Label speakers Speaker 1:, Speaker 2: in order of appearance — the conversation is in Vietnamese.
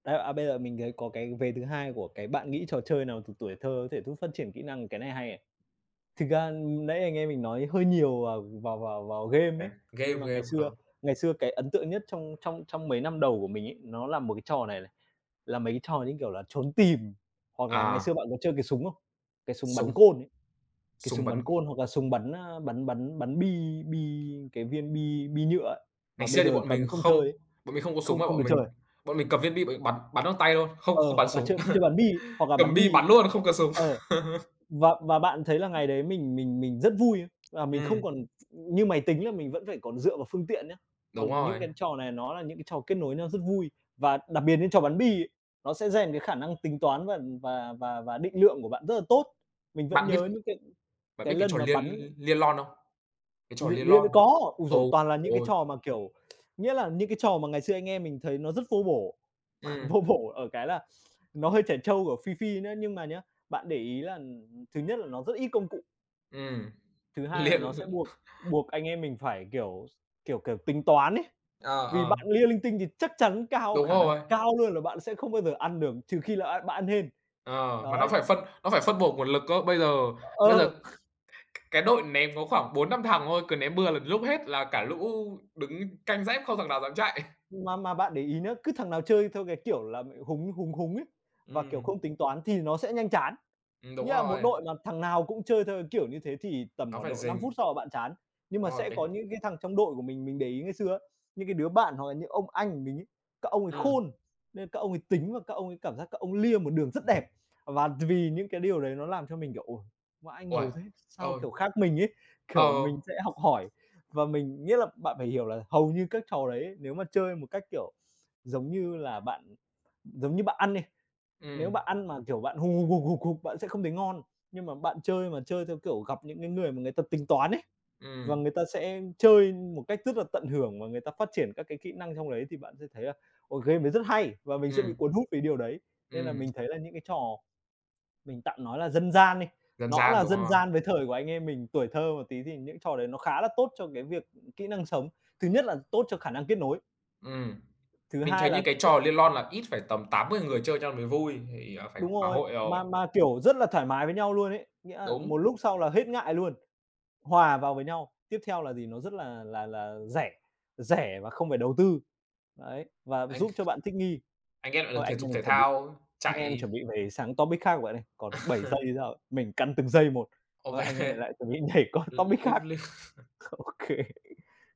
Speaker 1: Đấy, à, bây giờ mình thấy có cái vế thứ hai của cái bạn nghĩ trò chơi nào từ tuổi thơ có thể giúp phát triển kỹ năng? Cái này hay này. Thực ra nãy anh em mình nói hơi nhiều vào vào vào vào game
Speaker 2: Ờ,
Speaker 1: ấy.
Speaker 2: game,
Speaker 1: Nhưng mà ngày
Speaker 2: game, à.
Speaker 1: xưa ngày xưa cái ấn tượng nhất trong trong trong mấy năm đầu của mình ấy, nó là một cái trò này này. Là mấy cái trò như kiểu là trốn tìm, hoặc là ngày xưa
Speaker 2: À!
Speaker 1: bạn có chơi cái súng không? Cái súng bắn
Speaker 2: Súng.
Speaker 1: côn ấy, cái
Speaker 2: Súng
Speaker 1: súng bắn
Speaker 2: bắn.
Speaker 1: côn hoặc là súng bắn, a, bắn bắn bắn bi bi cái viên bi bi nhựa ấy,
Speaker 2: Ngày
Speaker 1: mà bây
Speaker 2: xưa thì
Speaker 1: giờ
Speaker 2: bọn mình
Speaker 1: cấm không chơi
Speaker 2: không
Speaker 1: ấy,
Speaker 2: bọn mình không có súng
Speaker 1: không
Speaker 2: mà
Speaker 1: không
Speaker 2: bọn
Speaker 1: được chơi
Speaker 2: mình
Speaker 1: à?
Speaker 2: bọn mình cầm viên bi bọn mình bắn bắn bằng tay thôi, không không
Speaker 1: Ờ,
Speaker 2: bắn
Speaker 1: hoặc là
Speaker 2: súng.
Speaker 1: chơi chơi bắn bi, hoặc là
Speaker 2: Cầm
Speaker 1: bắn
Speaker 2: bi
Speaker 1: bi.
Speaker 2: bắn luôn, không cần súng.
Speaker 1: Ờ, và và bạn thấy là ngày đấy mình mình mình rất vui, à, mình không
Speaker 2: Ừm.
Speaker 1: còn như máy tính là mình vẫn phải còn dựa vào phương tiện nhá,
Speaker 2: Đúng
Speaker 1: còn những
Speaker 2: rồi.
Speaker 1: cái trò này nó là những cái trò kết nối nhau rất vui. Và đặc biệt như trò bắn bi ấy, nó sẽ rèn cái khả năng tính toán và và và và định lượng của bạn rất là tốt. Mình vẫn
Speaker 2: Bạn biết
Speaker 1: nhớ những cái
Speaker 2: bạn
Speaker 1: cái
Speaker 2: biết cái
Speaker 1: lần
Speaker 2: trò
Speaker 1: mà
Speaker 2: lia
Speaker 1: bắn
Speaker 2: lia lon không? Cái trò
Speaker 1: Lia
Speaker 2: lia lon.
Speaker 1: lia có, ôi giời,
Speaker 2: Ôi
Speaker 1: toàn là
Speaker 2: trời
Speaker 1: những cái
Speaker 2: ôi!
Speaker 1: trò mà, kiểu, nghĩa là những cái trò mà ngày xưa anh em mình thấy nó rất vô bổ.
Speaker 2: Ừm.
Speaker 1: Vô bổ ở cái là nó hơi trẻ trâu, kiểu, phi phi nữa. Nhưng mà nhá, bạn để ý là thứ nhất là nó rất ít công cụ.
Speaker 2: Ừm,
Speaker 1: Thứ hai
Speaker 2: lia
Speaker 1: là
Speaker 2: l
Speaker 1: nó sẽ buộc buộc anh em mình phải, kiểu, kiểu, kiểu, tính toán ấy.
Speaker 2: Ờ,
Speaker 1: Vì
Speaker 2: ờ.
Speaker 1: bạn lia linh tinh thì chắc chắn cao
Speaker 2: Đúng
Speaker 1: khả năng
Speaker 2: rồi.
Speaker 1: cao luôn là bạn sẽ không bao giờ ăn được, trừ khi là, a, bạn ăn hên.
Speaker 2: Ờ, mà nó
Speaker 1: Đấy.
Speaker 2: phải phân nó phải phân bổ nguồn lực cơ. Bây giờ bây giờ
Speaker 1: Ờ.
Speaker 2: c cái đội ném có khoảng 4-5 thằng thôi, cứ ném bừa là lúc hết là cả lũ đứng canh dép không thằng nào dám chạy.
Speaker 1: Mà mà bạn để ý nhớ, cứ thằng nào chơi theo cái kiểu là, húng, húng, húng ấy, và, kiểu,
Speaker 2: Ừm.
Speaker 1: không tính toán thì nó sẽ nhanh chán.
Speaker 2: Ừm, đúng
Speaker 1: Nghĩa là một
Speaker 2: rồi.
Speaker 1: đội mà thằng nào cũng chơi theo cái kiểu như thế thì tầm
Speaker 2: Nó
Speaker 1: khoảng
Speaker 2: phải
Speaker 1: độ 5 phút
Speaker 2: rình.
Speaker 1: sau là bạn chán. Nhưng
Speaker 2: Đúng
Speaker 1: mà
Speaker 2: rồi
Speaker 1: sẽ
Speaker 2: cái
Speaker 1: có những cái thằng trong đội của mình, mình để ý ngày xưa á, những cái đứa bạn hoặc là những ông anh của mình ấy, các ông ấy
Speaker 2: Ừm.
Speaker 1: khôn, nên các ông ấy tính và các ông ấy cảm giác các ông lia một đường rất đẹp. Và vì những cái điều đấy nó làm cho mình kiểu, ôi, vãi,
Speaker 2: Uầy.
Speaker 1: ngầu thế, sao
Speaker 2: Ừ.
Speaker 1: kiểu khác mình ấy,
Speaker 2: Ờ.
Speaker 1: kiểu mình sẽ học hỏi và mình nghĩa là bạn phải hiểu là hầu như các trò đấy ấy, nếu mà chơi một cách, kiểu, giống như là bạn giống như bạn ăn đi, nếu
Speaker 2: Ừm.
Speaker 1: bạn ăn mà, kiểu, bạn hục, hục, hục, hục, hục bạn sẽ không thấy ngon. Nhưng mà bạn chơi mà chơi theo, kiểu, gặp những cái người mà người ta tính toán ấy, và
Speaker 2: Ừm.
Speaker 1: người ta sẽ chơi một cách rất là tận hưởng và người ta phát triển các cái kỹ năng trong đấy thì bạn sẽ thấy là, ôi, game đấy rất hay và mình sẽ bị
Speaker 2: Ừm.
Speaker 1: cuốn hút vì điều đấy. Nên là
Speaker 2: Ừm.
Speaker 1: mình thấy là những cái trò mình tạm nói là dân gian đi,
Speaker 2: Dân
Speaker 1: nó
Speaker 2: gian,
Speaker 1: là
Speaker 2: đúng
Speaker 1: dân
Speaker 2: rồi.
Speaker 1: gian với thời của anh em mình, tuổi thơ một tí thì những cái trò đấy nó khá là tốt cho cái việc kỹ năng sống. Thứ nhất là tốt cho khả năng kết nối.
Speaker 2: Ừm.
Speaker 1: Thứ
Speaker 2: Mình
Speaker 1: hai
Speaker 2: thấy như
Speaker 1: là
Speaker 2: cái trò lia lon là ít phải tầm 8-10 người chơi cho mới vui, thì, à, phải
Speaker 1: Đúng
Speaker 2: có
Speaker 1: rồi.
Speaker 2: hội rồi.
Speaker 1: Mà mà kiểu rất là thoải mái với nhau luôn ấy. Nghĩa là
Speaker 2: Đúng.
Speaker 1: một lúc sau là hết ngại luôn, hòa vào với nhau. Tiếp theo là gì, nó rất là là là rẻ, rẻ và không phải đầu tư, đấy, và
Speaker 2: Anh
Speaker 1: giúp cho bạn thích nghi.
Speaker 2: anh em lại được
Speaker 1: Thôi
Speaker 2: thể
Speaker 1: anh
Speaker 2: dục
Speaker 1: em mình
Speaker 2: thể
Speaker 1: chuẩn bị
Speaker 2: thao,
Speaker 1: anh em
Speaker 2: chạy.
Speaker 1: chuẩn bị về sang topic khác rồi bạn ơi, còn 7 giây hay sao ấy, mình căn từng giây một,
Speaker 2: Ô
Speaker 1: thôi, anh em
Speaker 2: kê.
Speaker 1: lại chuẩn bị nhảy qua
Speaker 2: Ừ, ừ,
Speaker 1: topic
Speaker 2: liếc
Speaker 1: khác.
Speaker 2: liếc
Speaker 1: Ô kê.